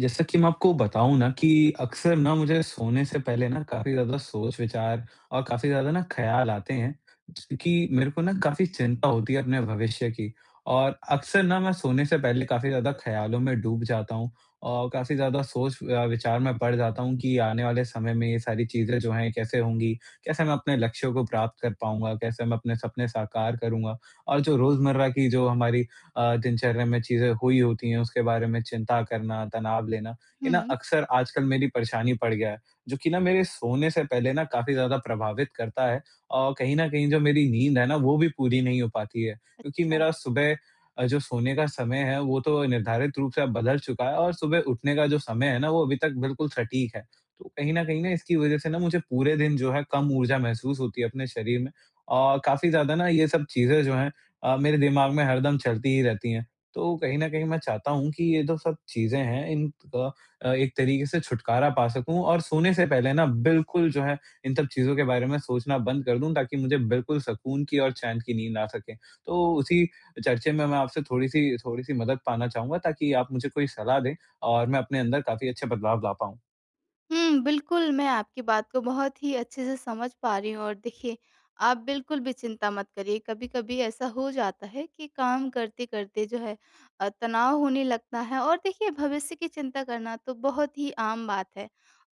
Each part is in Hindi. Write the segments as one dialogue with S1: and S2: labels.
S1: जैसा कि मैं आपको बताऊँ न कि अक्सर न मुझे सोने से पहले न काफ़ी ज़्यादा सोच विचार और काफ़ी ज़्यादा न ख़याल आते हैं कि मेरे को न काफ़ी चिंता होती है अपने भविष्य की और अक्सर न मैं सोने से पहले काफ़ी ज़्यादा ख़यालों में डूब जाता हूँ और काफ़ी ज़्यादा सोच अ, विचार में पड़ जाता हूँ कि आने वाले समय में ये सारी चीज़ें जो हैं कैसे होंगी? कैसे मैं अपने लक्ष्यों को प्राप्त कर पाऊँगा? कैसे मैं अपने सपने साकार करूँगा? और जो रोज़मर्रा की जो हमारी अ, दिनचर्या में चीज़ें हुई होती हैं उसके बारे में चिंता करना, तनाव लेना, ये न
S2: हुँ।
S1: अक्सर आजकल मेरी परेशानी पड़ गया है जो कि न मेरे सोने से पहले न काफ़ी ज़्यादा प्रभावित करता है और कहीं न कहीं जो मेरी नींद है न वो भी पूरी नहीं हो पाती है। क्योंकि
S2: अच्छा।
S1: मेरा सुबह अ, जो सोने का समय है वो तो निर्धारित रूप से अब बदल चुका है और सुबह उठने का जो समय है ना वो अभी तक बिल्कुल सटीक है। तो कहीं न कहीं न इसकी वज़ह से न मुझे पूरे दिन जो है कम ऊर्जा महसूस होती है अपने शरीर में अ, काफ़ी ज़्यादा न ये सब चीज़ें जो हैं अ, मेरे दिमाग में हरदम चलती ही रहती हैं। तो कहीं न कहीं मैं चाहता हूँ कि ये तो सब चीज़ें हैं इन अ, एक तरीके से छुटकारा पा सकूँ और सोने से पहले न बिल्कुल जो है इन सब चीज़ों के बारे में सोचना बंद कर दूँ ताकि मुझे बिल्कुल सुकून की और चैन की नींद आ सके। तो उसी चर्चे में मैं आपसे थोड़ी-सी थोड़ी-सी मदद पाना चाहूँगा ताकि आप मुझे कोई सलाह दें और मैं अपने अंदर काफ़ी अच्छे बदलाव ला पाऊँ।
S2: हुँ, बिल्कुल मैं आपकी बात को बहुत ही अच्छे से समझ पा रही हूँ। और देखिए आप बिल्कुल भी चिंता मत करिए कभी-कभी ऐसा हो जाता है कि काम करते-करते जो है अ, तनाव होने लगता है और देखिए भविष्य की चिंता करना तो बहुत ही आम बात है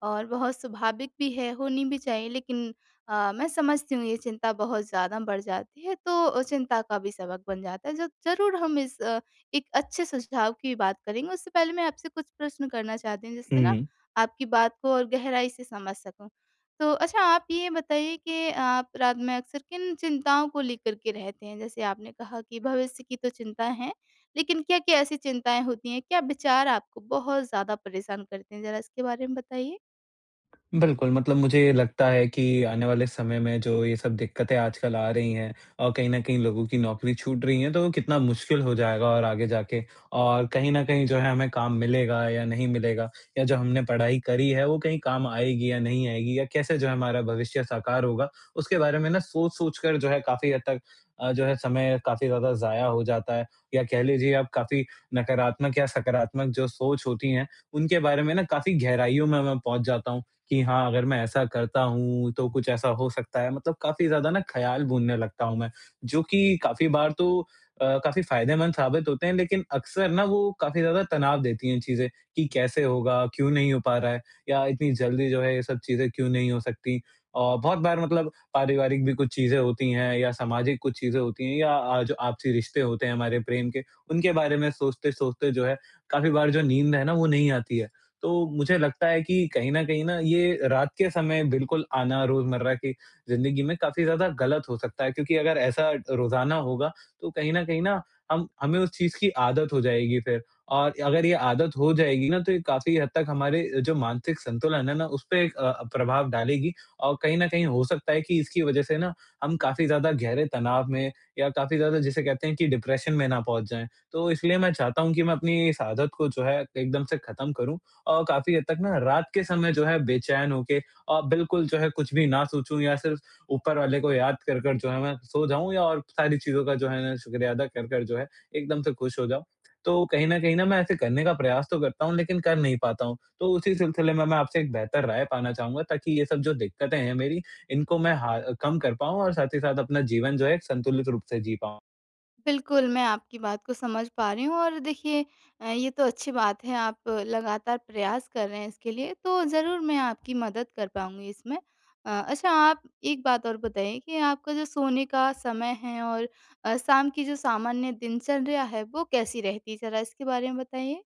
S2: और बहुत स्वाभाविक भी है, होनी भी चाहिए। लेकिन अ, मैं समझती हूँ ये चिंता बहुत ज़्यादा बढ़ जाती है तो चिंता का भी सबक बन जाता है जो ज़रूर हम इस अ, एक अच्छे सुझाव की बात करेंगे। उससे पहले मैं आपसे कुछ प्रश्न करना चाहती हूँ जिससे ना
S1: हुँ।
S2: आपकी बात को और गहराई से समझ सकूँ। तो अच्छा आप ये बताइए कि आप रात में अक्सर किन चिंताओं को लेकर के रहते हैं जैसे आपने कहा कि भविष्य की तो चिंता हैं लेकिन क्या-क्या ऐसी चिंताएँ होती हैं क्या विचार आपको बहुत ज़्यादा परेशान करते हैं? ज़रा इसके बारे में बताइए।
S1: बिल्कुल, मतलब मुझे ये लगता है कि आने वाले समय में जो ये सब दिक्कतें आजकल आ रही हैं और कहीं न कहीं लोगों की नौकरी छूट रही है तो कितना मुश्किल हो जाएगा और आगे जाके। और कहीं न कहीं जो है हमें काम मिलेगा या नहीं मिलेगा या जो हमने पढ़ाई करी है वो कहीं काम आएगी या नहीं आएगी या कैसे जो है हमारा भविष्य साकार होगा? उसके बारे में ना सोच-सोच कर जो है काफ़ी हद तक अ, जो है समय काफ़ी ज़्यादा ज़ाया हो जाता है या कह लीजिए आप काफ़ी नकारात्मक या सकारात्मक जो सोच होती है उनके बारे में ना काफ़ी गहराइयों में मैं पहुँच जाता हूँ कि हाँ, अगर मैं ऐसा करता हूँ तो कुछ ऐसा हो सकता है। मतलब काफ़ी ज़्यादा न ख़्याल बुनने लगता हूँ मैं जो कि काफ़ी बार तो अ, काफ़ी फ़ायदेमंद साबित होते हैं लेकिन अक्सर ना वो काफ़ी ज़्यादा तनाव देती हैं चीज़ें कि कैसे होगा, क्यों नहीं हो पा रहा है या इतनी जल्दी जो है ये सब चीज़ें क्यों नहीं हो सकती? औ बहुत बार मतलब पारिवारिक भी कुछ चीज़ें होती हैं या सामाजिक कुछ चीज़ें होती हैं या अ, आज आपसी रिश्ते होते हैं हमारे प्रेम के उनके बारे में सोचते-सोचते जो है काफ़ी बार जो नींद है ना वो नहीं आती है। तो मुझे लगता है कि कहीं न कहीं न ये रात के समय बिल्कुल आना रोज़मर्रा की जिंदगी में काफ़ी ज़्यादा गलत हो सकता है क्योंकि अगर ऐसा अ, रोज़ाना होगा तो कहीं न कहीं ना हम हमें उस चीज़ की आदत हो जाएगी फिर। और अगर ये आदत हो जाएगी ना तो ये काफ़ी हद तक हमारे जो मानसिक संतुलन है ना उसपे एक अ, प्रभाव डालेगी और कहीं न कहीं हो सकता है कि इसकी वज़ह से ना हम काफ़ी ज़्यादा गहरे तनाव में या काफ़ी ज़्यादा जिसे कहते हैं कि डिप्रेशन में ना पहुँच जाएँ। तो इसलिए मैं चाहता हूँ कि मैं अपनी इस आदत को जो है एकदम से ख़त्म करूँ और काफ़ी हद तक ना रात के समय जो है बेचैन होके अ, बिल्कुल जो है कुछ भी ना सोचूँ या सिर्फ ऊपर वाले को याद कर-कर जो है ना सो जाऊँ या और सारी चीज़ों का जो है ना शुक्रिया अदा कर-कर जो है एकदम से खुश हो जाऊँ। तो कहीं न कहीं ना मैं ऐसे करने का प्रयास तो करता हूँ लेकिन कर नहीं पाता हूँ। तो उसी सिलसिले में मैं आपसे एक बेहतर राय पाना चाहूँगा ताकि ये सब जो दिक्कतें हैं मेरी इनको मैं हाँ, कम कर पाऊंँ और साथ ही साथ अपना जीवन जो है एक संतुलित रूप से जी पाऊँ।
S2: बिल्कुल, मैं आपकी बात को समझ पा रही हूँ और देखिए अ, ये तो अच्छी बात है, आप लगातार प्रयास कर रहे हैं इसके लिए, तो ज़रूर मैं आपकी मदद कर पाऊँगी इसमें। अ, अच्छा आप एक बात और बताइए कि आपका जो सोने का समय है और अ, शाम की जो सामान्य दिनचर्या है, वो कैसी रहती है? ज़रा इसके बारे में बताइए।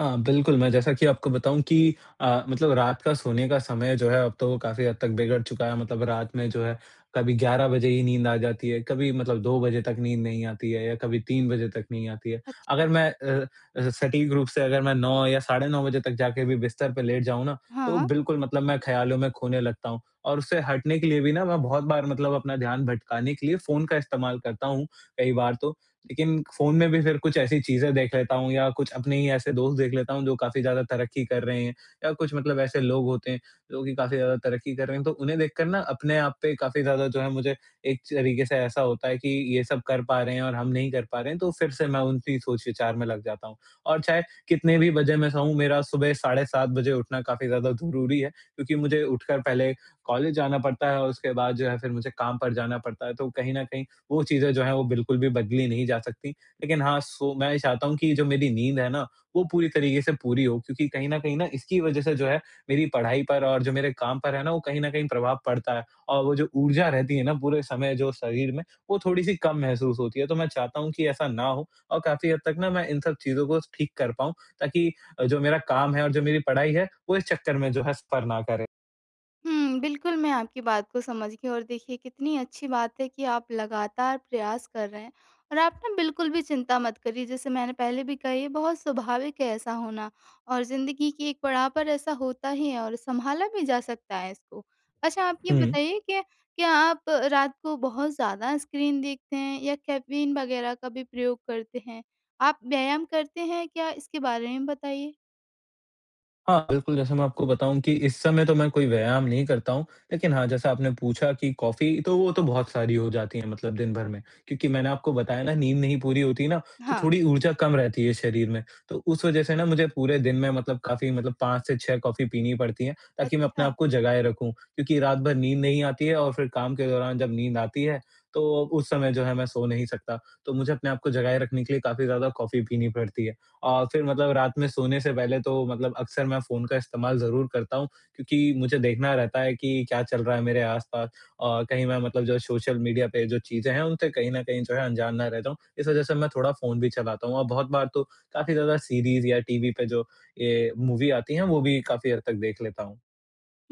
S1: हाँ, बिल्कुल, मैं जैसा कि आपको बताऊँ कि अ, मतलब रात का सोने का समय जो है, अब तो वो काफ़ी हद तक बिगड़ चुका है। मतलब रात में जो है, कभी 11 बजे ही नींद आ जाती है, कभी मतलब 2 बजे तक नींद नहीं आती है या कभी 3 बजे तक नहीं आती है। अगर
S2: अच्छा।
S1: मैं अ अ, सटीक रूप से अगर मैं 9 या साढ़े 9 बजे तक जाके भी बिस्तर पे लेट जाऊँ ना,
S2: हाँ,
S1: तो
S2: हाँ।
S1: बिल्कुल मतलब मैं ख़्यालों में खोने लगता हूँ और उससे हटने के लिए भी ना, मैं बहुत बार मतलब अपना ध्यान भटकाने के लिए फ़ोन का इस्तेमाल करता हूँ, कई बार तो। लेकिन फ़ोन में भी फिर कुछ ऐसी चीजें देख लेता हूँ या कुछ अपने ही ऐसे दोस्त देख लेता हूँ, जो काफ़ी ज़्यादा तरक्की कर रहे हैं या कुछ मतलब ऐसे लोग होते हैं, जो कि काफ़ी ज़्यादा तरक्की कर रहे हैं। तो उन्हें देखकर ना, अपने आप पे काफ़ी ज़्यादा जो है, मुझे एक तरीके से ऐसा होता है कि, "ये सब कर पा रहे हैं और हम नहीं कर पा रहे हैं।" तो फिर से मैं उनकी ही सोच विचार में लग जाता हूँ। और चाहे, कितने भी बजे मैं सोऊँ, मेरा सुबह साढ़े 7 बजे उठना काफ़ी ज़्यादा ज़रूरी है क्योंकि मुझे उठकर पहले कॉलेज जाना पड़ता है और उसके बाद जो है, फिर मुझे काम पर जाना पड़ता है, तो कहीं न कहीं वो चीज़ें जो हैं, वो बिल्कुल भी बदली नहीं जा सकती। लेकिन हाँ, सो मैं ये चाहता हूँ कि ये जो मेरी नींद है ना, वो पूरी तरीके से पूरी हो, क्योंकि कहीं न कहीं न, इसकी वज़ह से जो है, मेरी पढ़ाई पर और जो मेरे काम पर है ना, वो कहीं न कहीं प्रभाव पड़ता है और वो जो ऊर्जा रहती है ना पूरे समय जो शरीर में, वो थोड़ी-सी कम महसूस होती है। तो मैं चाहता हूँ कि ऐसा ना हो और काफ़ी हद तक ना, मैं इन सब चीज़ों को ठीक कर पाऊँ, ताकि अ, जो मेरा काम है और जो मेरी पढ़ाई है, वो इस चक्कर में जो है, सफ़र ना करे।
S2: हुँ, बिल्कुल, मैं आपकी बात को समझ गई और देखिए, कितनी अच्छी बात है कि आप लगातार प्रयास कर रहे हैं और आप ना बिल्कुल भी चिंता मत करिए। जैसे मैंने पहले भी कहा, ये बहुत स्वाभाविक है ऐसा होना और ज़िंदगी की एक पड़ाव पर ऐसा होता ही है और सँभाला भी जा सकता है इसको। अच्छा, आप ये
S1: हुँ।
S2: बताइए कि क्या आप रात को बहुत ज़्यादा स्क्रीन देखते हैं या कैफ़ीन वगैरह का भी प्रयोग करते हैं? आप व्यायाम करते हैं क्या, इसके बारे में भी बताइए।
S1: हाँ, बिल्कुल, जैसे मैं आपको बताऊँ कि इस समय तो मैं कोई व्यायाम नहीं करता हूँ, लेकिन हाँ, जैसा आपने पूछा कि कॉफ़ी, तो वो तो बहुत सारी हो जाती हैं, मतलब दिन भर में। क्योंकि मैंने आपको बताया ना, नींद नहीं पूरी होती ना, तो
S2: हाँ।
S1: थोड़ी ऊर्जा कम रहती है शरीर में, तो उस वजह से ना, मुझे पूरे दिन में मतलब काफ़ी मतलब 5 से 6 कॉफ़ी पीनी ही पड़ती हैं, ताकि मैं अपने
S2: अच्छा।
S1: आपको जगाए रखूँ, क्योंकि रात भर नींद नहीं आती है और फिर काम के दौरान जब नींद आती है, तो उस समय जो है, मैं सो नहीं सकता। तो मुझे अपने आप को जगाए रखने के लिए काफ़ी ज़्यादा कॉफ़ी पीनी पड़ती है औ फिर मतलब रात में सोने से पहले तो मतलब अक्सर मैं फ़ोन का इस्तेमाल ज़रूर करता हूँ, क्योंकि मुझे देखना रहता है कि क्या चल रहा है मेरे आस-पास। अ, कहीं मैं मतलब जो सोशल मीडिया पे जो चीज़ें हैं, उनसे कहीं न कहीं जो है, अनजान ना रह जाऊँ, इस वज़ह से मैं थोड़ा फ़ोन भी चलाता हूँ और बहुत बार तो काफ़ी ज़्यादा सीरीज़ या टीवी पे जो ये मूवी आती हैं, वो भी काफ़ी हद तक देख लेता हूँ।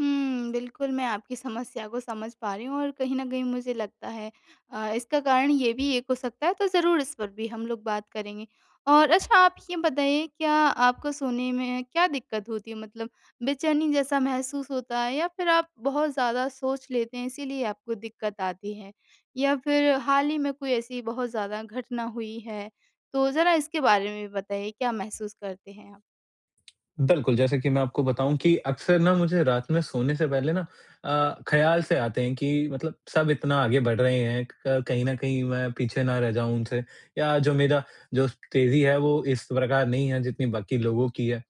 S2: हुँ. बिल्कुल, मैं आपकी समस्या को समझ पा रही हूँ और कहीं न कहीं मुझे लगता है अ, इसका कारण ये भी एक हो सकता है, तो ज़रूर इस पर भी हम लोग बात करेंगे और अच्छा, आप ये बताइए, क्या आपको सोने में क्या दिक्कत होती है, मतलब बेचैनी जैसा महसूस होता है या फिर आप बहुत ज़्यादा सोच लेते हैं, इसीलिए आपको दिक्कत आती है? या फिर हाल ही में कोई ऐसी बहुत ज़्यादा घटना हुई है? तो ज़रा इसके बारे में भी बताइए, क्या महसूस करते हैं आप?
S1: बिल्कुल, जैसे कि मैं आपको बताऊँ कि अक्सर ना मुझे रात में सोने से पहले ना अ, ख़्याल से आते हैं कि मतलब सब इतना आगे बढ़ रहे हैं, क क कहीं न कहीं मैं पीछे ना रह जाऊँ उनसे या जो मेरा जो तेज़ी है, वो इस प्रकार नहीं है, जितनी बाकी लोगों की है।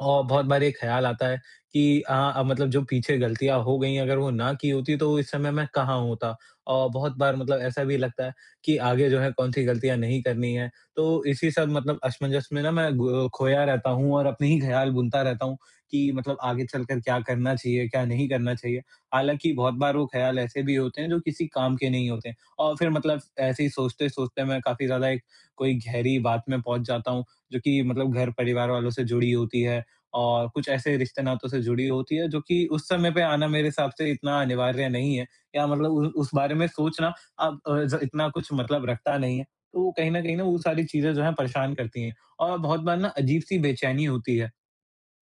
S1: औ बहुत बार ये ख़्याल आता है कि, "हाँ, अब मतलब जो पीछे गलतियाँ हो गयी हैं, अगर वो ना की होती, तो इस समय मैं कहाँ होता।" अ, बहुत बार मतलब ऐसा भी लगता है कि आगे जो है, कौन-सी गलतियाँ नहीं करनी है, तो इसी सब मतलब असमंजस में ना, मैं गो खोया रहता हूँ और अपने ही ख़्याल बुनता रहता हूँ कि मतलब आगे चल कर क्या करना चाहिए, क्या नहीं करना चाहिए। हालाँकि बहुत बार वो ख़्याल ऐसे भी होते हैं, जो किसी काम के नहीं होते और फिर मतलब ऐसे ही सोचते-सोचते, मैं काफ़ी ज़्यादा एक कोई गहरी बात में पहुँच जाता हूँ, जो कि मतलब घर-परिवार वालों से जुड़ी होती है और कुछ ऐसे रिश्ते-नातों से जुड़ी होती है, जो कि उस समय पे आना मेरे हिसाब से इतना अनिवार्य नहीं है या मतलब उ उस बारे में सोचना, अब अ, ज़ इतना कुछ मतलब रखता नहीं है। तो कहीं न कहीं ना, वो सारी चीज़ें जो हैं, परेशान करती हैं और बहुत बार ना, अजीब-सी बेचैनी होती है।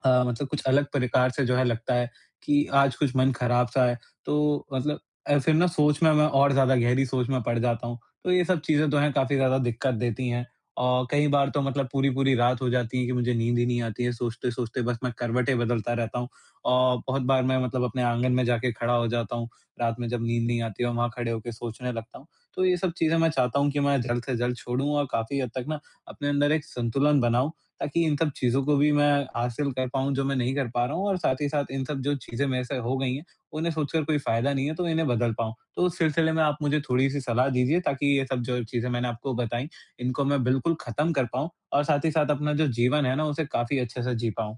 S1: अ, मतलब कुछ अलग प्रकार से जो है, लगता है कि आज कुछ मन ख़राब-सा है, तो मतलब अ, फिर ना सोच में मैं और ज़्यादा गहरी सोच में पड़ जाता हूँ। तो ये सब चीज़ें तो हैं, काफ़ी ज़्यादा दिक्कत देती हैं अ, कई बार तो मतलब पूरी-पूरी रात हो जाती है कि मुझे नींद ही नहीं आती है, सोचते-सोचते बस मैं करवटें बदलता रहता हूँ। अ, बहुत बार मैं मतलब अपने आँगन में जाके खड़ा हो जाता हूँ। रात में जब नींद नहीं आती है, वहाँ खड़े होके सोचने लगता हूँ। तो ये सब चीज़ें मैं चाहता हूँ कि मैं जल्द से जल्द छोडूँ और काफ़ी हद तक ना, अपने अंदर एक संतुलन बनाऊँ, ताकि इन सब चीज़ों को भी मैं हासिल कर पाऊँ, जो मैं नहीं कर पा रहा हूँ और साथ ही साथ इन सब जो चीज़ें मेरे से हो गई हैं, उन्हें सोच कर कोई फ़ायदा नहीं है, तो इन्हें बदल पाऊँ। तो उस सिलसिले में आप मुझे थोड़ी-सी सलाह दीजिए, ताकि ये सब जो चीज़ें मैंने आपको बताईं, इनको मैं बिल्कुल ख़त्म कर पाऊँ और साथ ही साथ अपना जो जीवन है ना, उसे काफ़ी अच्छे से जी पाऊँ।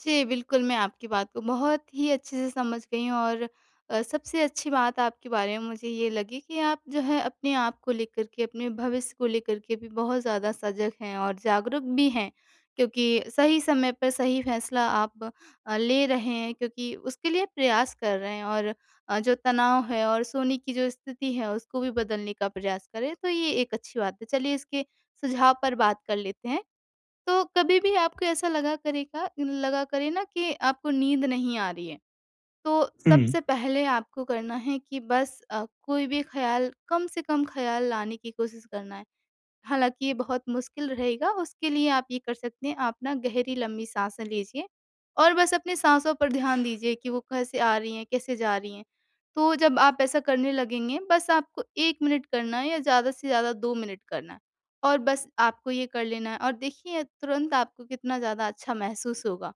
S2: जी, बिल्कुल मैं आपकी बात को बहुत ही अच्छे से समझ गई हूँ और अ, सबसे अच्छी बात आपके बारे में मुझे ये लगी कि आप जो है अपने आप को लेकर के अपने भविष्य को लेकर के भी बहुत ज़्यादा सज़ग हैं और जागरूक भी हैं। क्योंकि सही समय पर सही फैसला आप अ, ले रहे हैं क्योंकि उसके लिए प्रयास कर रहे हैं और अ, जो तनाव है और सोने की जो स्थिति है उसको भी बदलने का प्रयास करें तो ये एक अच्छी बात है। चलिए इसके सुझाव पर बात कर लेते हैं तो कभी भी आपको ऐसा लगा करेगा लगा करे ना कि आपको नींद नहीं आ रही है, तो
S1: हुँ।
S2: सबसे पहले आपको करना है कि बस अ, कोई भी ख़्याल कम से कम ख़्याल लाने की कोशिश करना है। हालाँकि ये बहुत मुश्किल रहेगा उसके लिए आप ये कर सकते हैं आप ना गहरी लंबी साँसें लीजिए और बस अपनी साँसों पर ध्यान दीजिए कि वो कैसे आ रही हैं, कैसे जा रही हैं, तो जब आप ऐसा करने लगेंगे बस आपको 1 मिनट करना है या ज़्यादा से ज़्यादा 2 मिनट करना है और बस आपको ये कर लेना है। और देखिए तुरंत आपको कितना ज़्यादा अच्छा महसूस होगा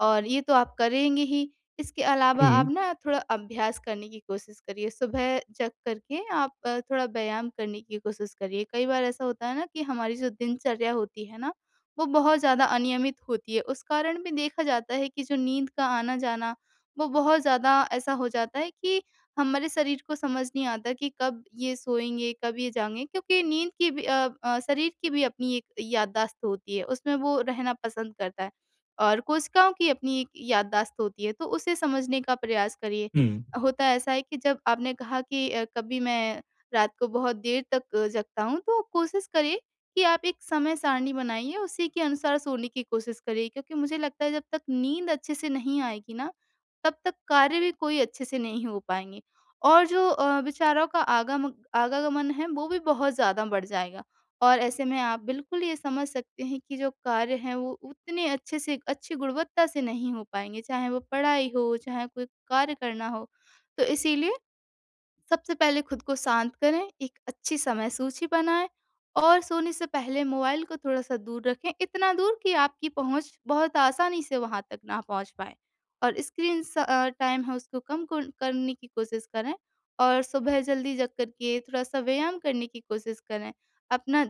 S2: और ये तो आप करेंगे ही इसके अलावा आप
S1: हुँ।
S2: ना थोड़ा अभ्यास करने की कोशिश करिए। सुबह जग करके आप अ, थोड़ा व्यायाम करने की कोशिश करिए कई बार ऐसा होता है ना कि हमारी जो दिनचर्या होती है ना वो बहुत ज़्यादा अनियमित होती है उस कारण भी देखा जाता है कि जो नींद का आना-जाना वो बहुत ज़्यादा ऐसा हो जाता है कि हमारे शरीर को समझ नहीं आता कि कब ये सोएँगे, कब ये जाएँगे? क्योंकि नींद की भी अ, शरीर की भी अपनी एक याददाश्त होती है उसमें वो रहना पसंद करता है और कोशिकाओं की अपनी एक याददाश्त होती है तो उसे समझने का प्रयास करिए।
S1: हुँ।
S2: होता ऐसा है कि जब आपने कहा कि अ, कभी मैं रात को बहुत देर तक जगता हूँ तो कोशिश करिए कि आप एक समय सारणी बनाइए उसी के अनुसार सोने की कोशिश करिए। क्योंकि मुझे लगता है जब तक नींद अच्छे से नहीं आएगी ना तब तक कार्य भी कोई अच्छे से नहीं हो पाएँगे। और जो अ, विचारों का आगामग आवागमन है वो भी बहुत ज़्यादा बढ़ जाएगा। और ऐसे में आप बिल्कुल ये समझ सकते हैं कि जो कार्य है वो उतने अच्छे से अच्छी गुणवत्ता से नहीं हो पाएँगे चाहे वो पढ़ाई हो, चाहे कोई कार्य करना हो तो इसीलिए सबसे पहले खुद को शांत करें एक अच्छी समय सूची बनाएँ और सोने से पहले मोबाइल को थोड़ा-सा दूर रखें इतना दूर कि आपकी पहुँच बहुत आसानी से वहाँ तक ना पहुँच पाए और स्क्रीन स अ, टाइम है उसको कम कुर करने की कोशिश करें। और सुबह ज़ल्दी जग कर के थोड़ा-सा व्यायाम करने की कोशिश करें। अपना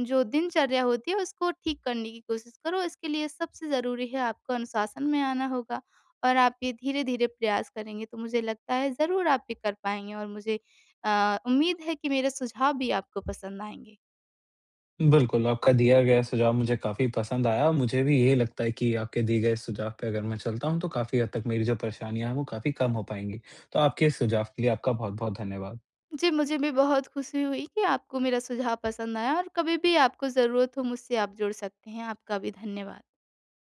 S2: जो दिनचर्या होती है उसको ठीक करने की कोशिश करो इसके लिए सबसे ज़रूरी है आपको अनुशासन में आना होगा और आप ये धीरे-धीरे प्रयास करेंगे तो मुझे लगता है ज़रूर आप ये कर पाएँगे और मुझे अ, उम्मीद है कि मेरे सुझाव भी आपको पसंद आएँगे।
S1: बिल्कुल, आपका दिया गया सुझाव मुझे काफ़ी पसंद आया। मुझे भी यही लगता है कि आपके दिए गए सुझाव पे अगर मैं चलता हूँ तो काफ़ी हद तक मेरी जो परेशानियाँ हैं वो काफ़ी कम हो पाएँगी। तो आपके इस सुझाव के लिए आपका बहुत-बहुत धन्यवाद।
S2: जी, मुझे भी बहुत खुशी हुई कि आपको मेरा सुझाव पसंद आया और कभी भी आपको ज़रूरत हो मुझसे आप जुड़ सकते हैं आपका भी धन्यवाद।